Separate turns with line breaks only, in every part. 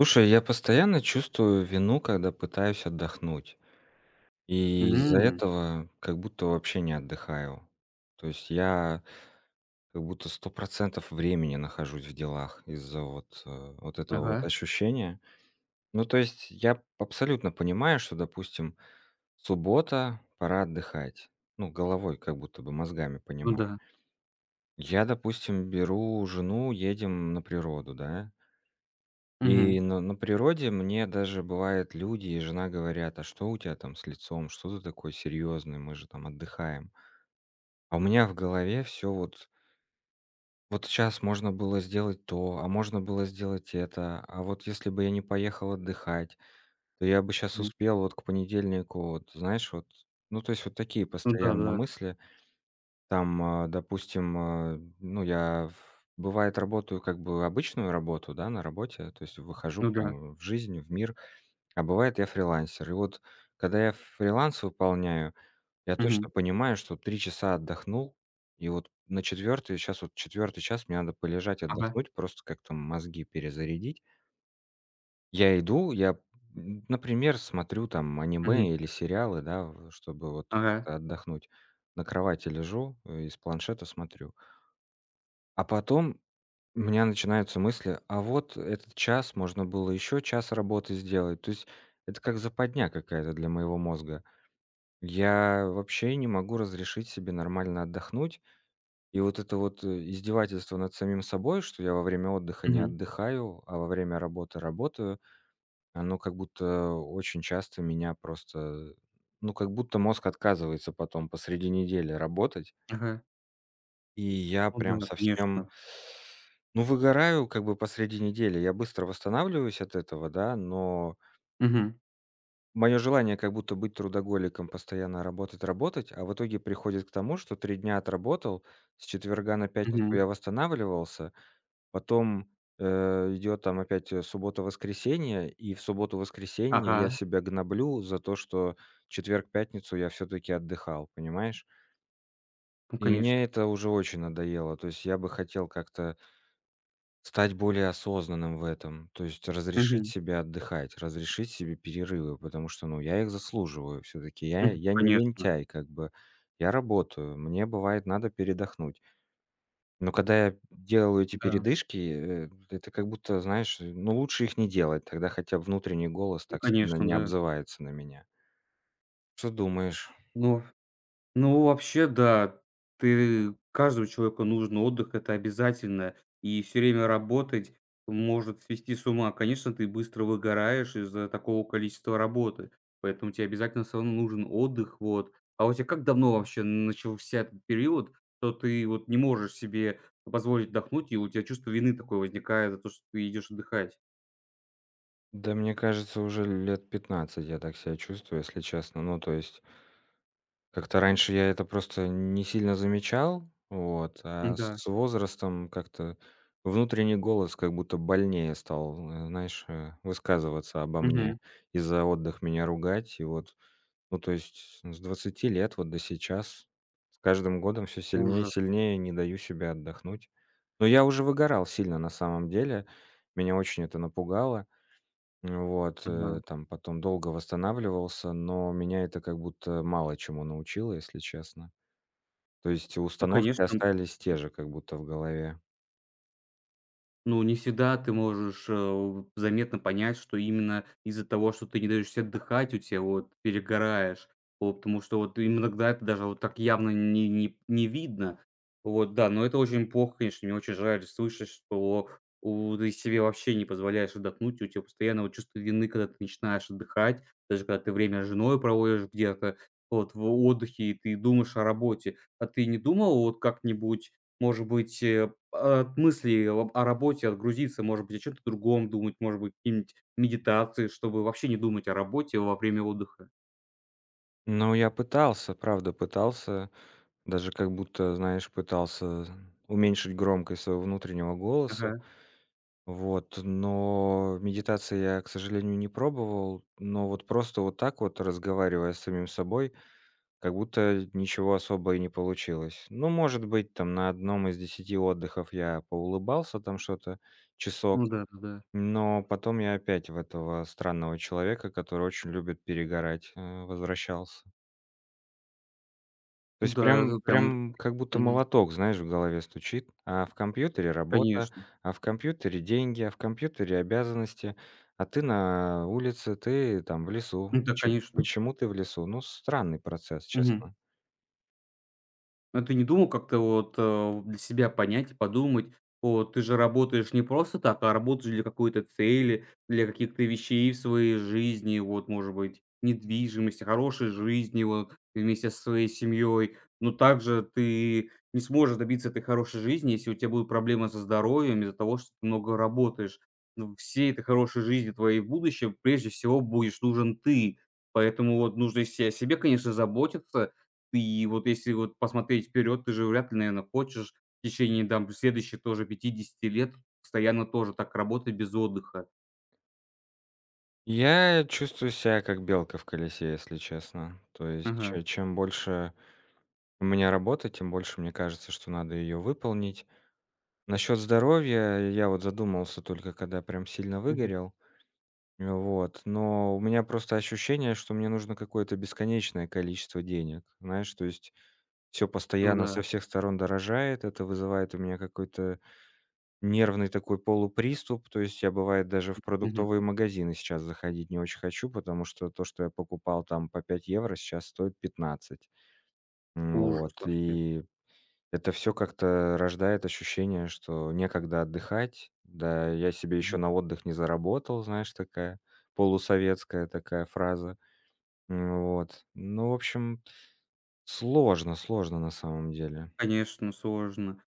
Слушай, я постоянно чувствую вину, когда пытаюсь отдохнуть. И из-за
М.
этого как будто вообще не отдыхаю. То есть я как будто 100 % времени нахожусь в делах из-за вот, а, вот этого вот
Ага.
ощущения. Ну, то есть я п абсолютно понимаю, что, допустим, суббота, пора отдыхать. Ну, головой как будто бы, мозгами
Ну
понимаю.
да.
Я, допустим, беру жену, едем на природу, да? И
Мгм.
на на природе мне даже бывает люди и жена говорят: "А что у тя там с лицом? Что ты такой серьёзный? Мы же там отдыхаем". А у меня в голове всё вот вот щас можно было сделать то, а, можно было сделать это. А вот если бы я не поехал отдыхать, то я бы щас
М.
успел вот к понедельнику вот, знаешь, вот. Ну, то есть вот такие
Ну
постоянно
да-да.
мысли. Там, а, допустим, а, ну, я в бывает, работаю как бы обычную работу, да, на работе, то есть выхожу
Ну да.
прям в жизнь, в мир. А бывает, я фрилансер. И вот когда я фриланс выполняю, я
Мгм.
точно понимаю, что 3 часа отдохнул и вот на 4 - щас вот 4 час,- мне надо полежать,
Ага.
отдохнуть, просто как-то мозги перезарядить. Я иду, я п м, например, смотрю, там,
Мгм.
аниме или сериалы, да, в, э, чтобы вот
Ага.
как-то отдохнуть. На кровати лежу и с планшета смотрю. А потом у меня начинаются мысли: "А вот этот час можно было ещё час работы сделать". То есть это как западня какая-то для моего мозга. Я вообще не могу разрешить себе нормально отдохнуть. И вот это вот, э, издевательство над самим собой, что я во время отдыха не
Мгм.
отдыхаю, а, во время работы работаю, оно как будто очень часто меня просто, э, ну, как будто мозг отказывается потом посреди недели работать.
Ага.
И я
Ну
прям
да,
совсем
конечно.
ну, выгораю как бы посреди недели. Я быстро восстанавливаюсь от этого, да, но
Мгм.
моё желание- как будто быть трудоголиком, постоянно работать работать, а, в итоге приходит к тому, что 3 дня отработал, с четверга на пятницу
Мгм.
я восстанавливался. Потом, э, идёт там опять, э, суббота, воскресение, и в субботу, воскресенье я
Ага.
себя гноблю за то, что четверг, пятницу я всё-таки отдыхал, понимаешь?
Ну,
И
конеш
мне это уже очень надоело. То есть я бы хотел как-то стать более осознанным в этом. То есть разрешить
Мгм.
себе отдыхать, разрешить себе перерывы. Потому что, ну я их заслуживаю всё-таки. Я
Мгм.
я не
Конечно.
лентяй как бы, я работаю. Мне бывает надо передохнуть. Но когда я, м, делаю эти
Да.
передышки, э, это как будто, знаешь, ну лучше их не делать. Тогда хотя б внутренний голос
Ну
так сильно
конечно,
не
да.
обзывается на меня. Что думаешь?
Ну, ну вообще, да. Ты каждому человеку нужен отдых, это обязательно. И всё время работать может свести с ума. Конечно, ты быстро выгораешь из-за такого количества работы. Поэтому те обязательно всё равно нужен отдых. Вот. А у тя как давно вообще начался период, что ты вот не можешь себе позволить отдохнуть и у тя чувство вины такое возникает за то, что ты идешь отдыхать?
Да, мне кажется, уже лет 15 я так ся чувствую, если честно. Ну то есть Как-то раньше я это просто не сильно замечал. Вот. А с
М-да.
с возрастом как-то внутренний голос как будто больнее стал, э, знаешь, э, высказываться обо мне
Мгм.
и за отдых меня ругать. И вот Ну то есть с с 20 лет вот до сейчас. С каждым годом всё сильнее и
Ужас!
сильнее не даю себе отдохнуть. Но я уже выгорал сильно на самом деле. Меня очень это напугало. М, вот. Э,
Ага.
там потом долго восстанавливался, но меня это как будто мало чему научило, если честно. То есть и
Ну
установки
конечно, м
остались те же как будто в голове.
Ну, не всегда ты можешь, э, у заметно понять, что именно из-за того, что ты не даешь се отдыхать, у тебя вот перегораешь, по потому что вот ты им иногда это даже вот так явно не не не видно. Вот да. Но это очень плохо, конечно. Мне очень жаль слышать, что, у ты себе вообще не позволяешь отдохнуть, у тебя постоянно вот чувство вины, когда ты начинаешь отдыхать. Даже когда ты время с женой проводишь где-то вот в отдыхе и ты думаешь о работе. А ты не думал вот как-нибудь, может быть, э, от мыслей об о работе отгрузиться? Может быть, о чём-то другом думать, может быть, какие-нибудь медитации, чтобы вообще не думать о работе во время отдыха.
Ну, я пытался, правда, пытался даже как будто, знаешь, пытался уменьшить громкость своего внутреннего голоса.
Ага.
Вот, но медитации я, к сожалению, не пробовал. Но вот просто вот так вот разговаривая с самим собой, как будто ничего особо и не получилось. Ну, может быть, там на 1 из 10 отдыхов я поулыбался там что-то
Ну
часок,
да, да-да.
но потом я опять в этого странного человека, который очень любит перегорать, а, возвращался. То есть
Н-да,
прям,
это прям.
прям как будто
Мгм.
молоток, знаешь, в голове стучит: а в компьютере работа,
Конечно.
а в компьютере деньги, а в компьютере обязанности, а ты на улице, ты там в лесу.
Н-да,
Чё
конечно.
почему ты в лесу? Ну, странный процесс,
Мгм.
честно.
А ты не думал как-то вот, а, у для себя понять и подумать. Вот ты же работаешь не просто так, а работаешь для какой-то цели, для каких-то вещей в своей жизни вот, может быть, недвижимость, о хорошей жизнью, вот, вместе со своей семьей. Но также ты не сможешь добиться этой хорошей жизни, если у тя будут проблемы со здоровьем из-за того, что ты много работаешь. Ну всей этой хорошей жизни твоей в будущем, прежде всего будешь нужен ты. Поэтому вот нужно и се и о себе, конечно, заботиться. И вот если вот посмотреть вперед, ты же вряд ли, наверно, хочешь в течение там следующих тоже 50 лет постоянно тоже так работать без отдыха.
Я чувствую себя как белка в колесе, если честно. То есть
Ага.
че чем больше у меня работы, тем больше мне кажется, что надо её выполнить. Насчёт здоровья я вот задумался, только когда прям сильно
Мгм.
выгорел. Н, вот. Но у меня просто ощущение, что мне нужно какое-то бесконечное количество денег. Знаешь? То есть всё
Ну
постоянно
да.
со всех сторон дорожает, это вызывает у меня какой-то нервный такой полуприступ. То есть я, бывает, даже в
Мгм.
продуктовые магазины сейчас заходить не очень хочу, потому что то, что я покупал там по 5 евро, щас стоит 15. Н,
Ужас
вот
вообще!
и это всё как-то рождает ощущение, что некогда отдыхать, да, я себе ещё
Мгм.
на отдых не заработал. Знаешь, такая полусоветская такая фраза. Н, вот. Ну, в общем, сложно, сложно, на самом деле.
Конечно, сложно.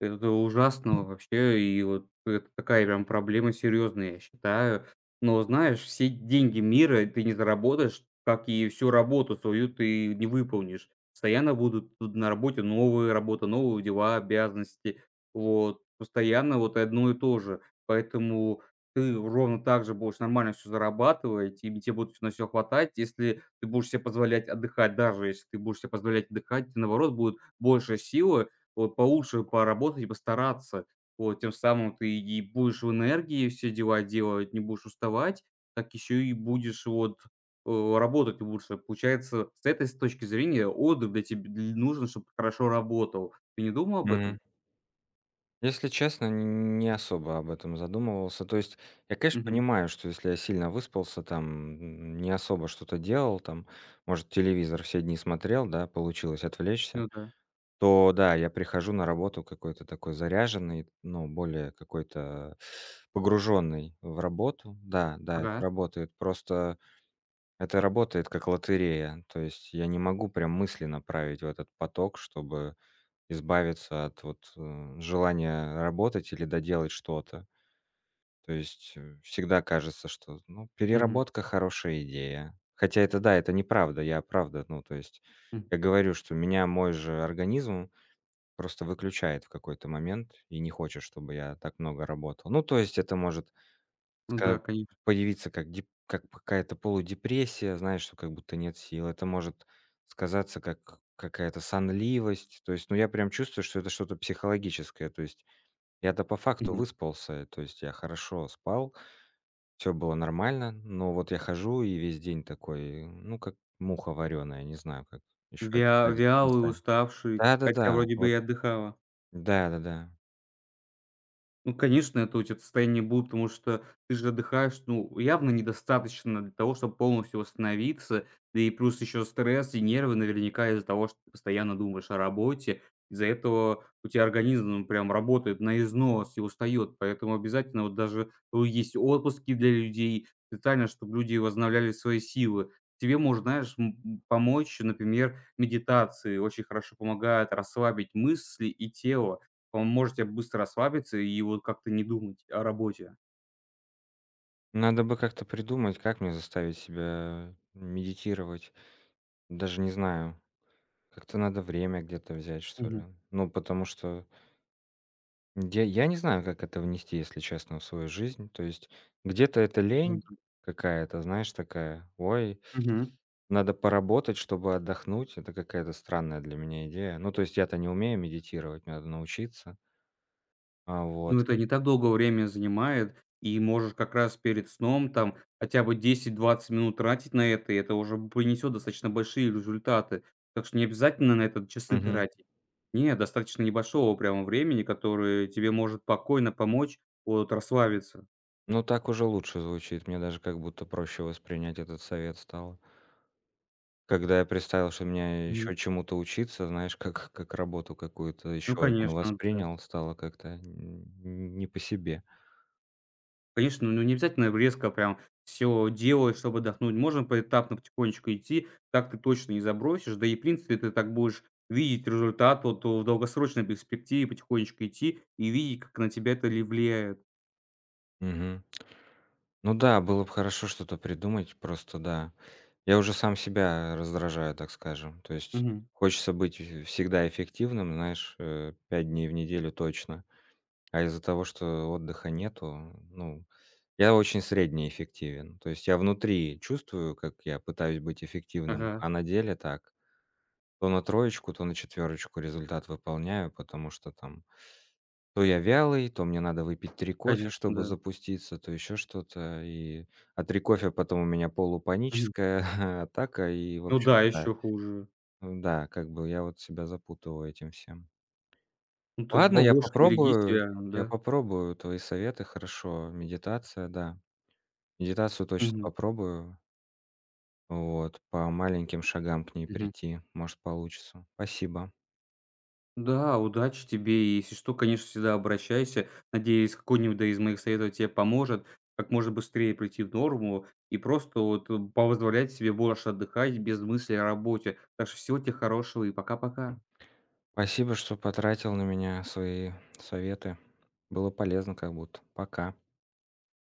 Это то ужасно вообще. И вот это такая прям проблема серьезная, я считаю. Но знаешь, все деньги мира ты не заработаешь, как и всю работу свою ты не выполнишь. Постоянно будут тут на работе новые работы, новые дела, обязанности. Вот постоянно вот и одно и то же. Поэтому ты ровно так же будешь нормально всё зарабатывать, и тебе те будет на всё хватать. Если ты ты будешь се позволять отдыхать- даже если ты будешь себе позволять отдыхать- наоборот, будет больше силы вот получше поработать и постараться. Вот тем самым ты и будешь в энергии все дела делать, не будешь уставать, так еще и будешь вот, о работать лучше. Получается, с этой с точки зрения отдых для теб дл нужен, чтобы хорошо работал. Ты не думал об этом?
Мгм. Если честно, нь не особо об этом задумывался. То есть я, конечно,
Мгм.
понимаю, что, если я сильно выспался, там, м, не особо что-то делал, там, может, телевизор все дни смотрел, да, получилось отвлечься,
Ну да.
то да, я прихожу на работу какой-то такой заряженный, ну, более какой-то погружённый в работу. Да-да, это
Ага.
работает. Просто это работает как лотерея. То есть я не могу прям мысли направить в этот поток, чтобы избавиться от вот, э, желания работать или доделать что-то. То есть, э, всегда кажется, что, ну
Мгм.
переработка- хорошая идея. Хотя это, да, это неправда. Я, правда, ну то есть
М.
я говорю, что меня мой же организм просто выключает в какой-то момент и не хочет, чтобы я так много работал. Ну то есть это может
Ну
ска
да, конеш
появиться как дип как п какая-то полудепрессия, знаешь, что как будто нет сил. Это может сказаться как какая-то сонливость. То есть, ну я прям чувствую, что это что-то психологическое. То есть я-то по факту
Мгм.
выспался, э, то есть я хорошо спал, всё было нормально. Но вот я хожу и весь день такой ну как муха варёная, не знаю, как ещё
Вя
описать это
вялый,
[unintelligible]
уставший. Хотя
Да-да-да.
вроде бы и
Вот
отдыхала.
Да-да-да.
Ну конечно, это у тя т состояние будет, потому что ты же отдыхаешь. Ну явно недостаточно для того, чтобы полностью восстановиться. Да и плюс еще стресс и нервы, наверняка из-за того, что ты постоянно думаешь о работе. Из-за этого у тя организм прям работает на износ и устаёт. Поэтому обязательно вот даже, э, есть отпуски для людей специально, чтоб люди возобновляли свои силы. Тебе может, знаешь, м м, помочь, например, медитации. Очень хорошо помогают расслабить мысли и тело. Поможет тебе быстро расслабиться и вот как-то не думать о работе.
Надо бы как-то придумать, как мне заставить себя медитировать. Даже не знаю. Как-то надо время где-то взять, что ли.
Мгм.
Ну потому что М, я я не знаю, как это внести, если честно, в свою жизнь. То есть где-то это
Ну
лень
да.
какая-то, знаешь, такая: "Ой
Мгм.
надо поработать, чтобы отдохнуть". Это какая-то странная для меня идея. Ну то есть я-то не умею медитировать, мне надо научиться. А, вот.
Ну это не так долго время занимает. И можешь как раз перед сном, там хотя бы 10-20 минут тратить на это, и это уже п принесет достаточно большие результаты. Так что не обязательно на это часы
Мгм.
тратить. Не, достаточно небольшого прямо времени, которое тебе может спокойно помочь от расслабиться.
Ну, так уже лучше звучит. Мне даже как будто проще воспринять этот совет стало. Когда я представил, что мне
Мгм.
ещё чему-то учиться, знаешь, как как работу какую-то
Ну
ещё одну
конечно, да.
воспринял, стало как-то нь не по себе.
Конечно. Ну, не обязательно резко прям всё делать, чтоб отдохнуть. Можно поэтапно потихонечку идти. Так ты точно не забросишь. Да и, в принципе, ты так будешь видеть результат. Вот, о в долгосрочной перспективе потихонечку идти и видеть, как на тебя это ли влияет.
Мгм. Ну да, было б хорошо что-то придумать. Просто да, я уже сам себя раздражаю, так скажем. То есть
Мгм.
хочется быть в всегда эффективным, знаешь, э, 5 дней в неделю точно. А из-за того, что отдыха нету, ну, я очень средне эффективен. То есть я внутри чувствую, как я пытаюсь быть эффективным,
Ага.
а на деле так: то на троечку, то на четвёрочку результат выполняю. Потому что там то я вялый, то мне надо выпить 3 кофе,
Конечно,
чтобы
да.
запуститься, то ещё что-то и А 3 кофе- потом у меня
Мгм.
полупаническая атака. И в
Ну да,
общем-то,
еще хуже.
ну да, как бы я вот себя запутываю этим всем.
Ну, ты
Ладно, я
побольше береги
попробую,
себя. А,
я
да.
попробую твои советы. Хорошо. Медитация, да. Медитацию точно
Мгм.
попробую. Вот. По маленьким шагам к ней
Мгм.
прийти, может, получится. Спасибо.
Да. Удачи тебе. И если что, конечно, всегда обращайся. Надеюсь, какой-нибудь да из моих советов те поможет, как можно быстрее прийти в норму и просто, вот, э, позволять себе больше отдыхать без мыслей о работе. Так что всего те хорошего и пока-пока.
Спасибо, что потратил на меня свои советы. Было полезно как будто. Пока.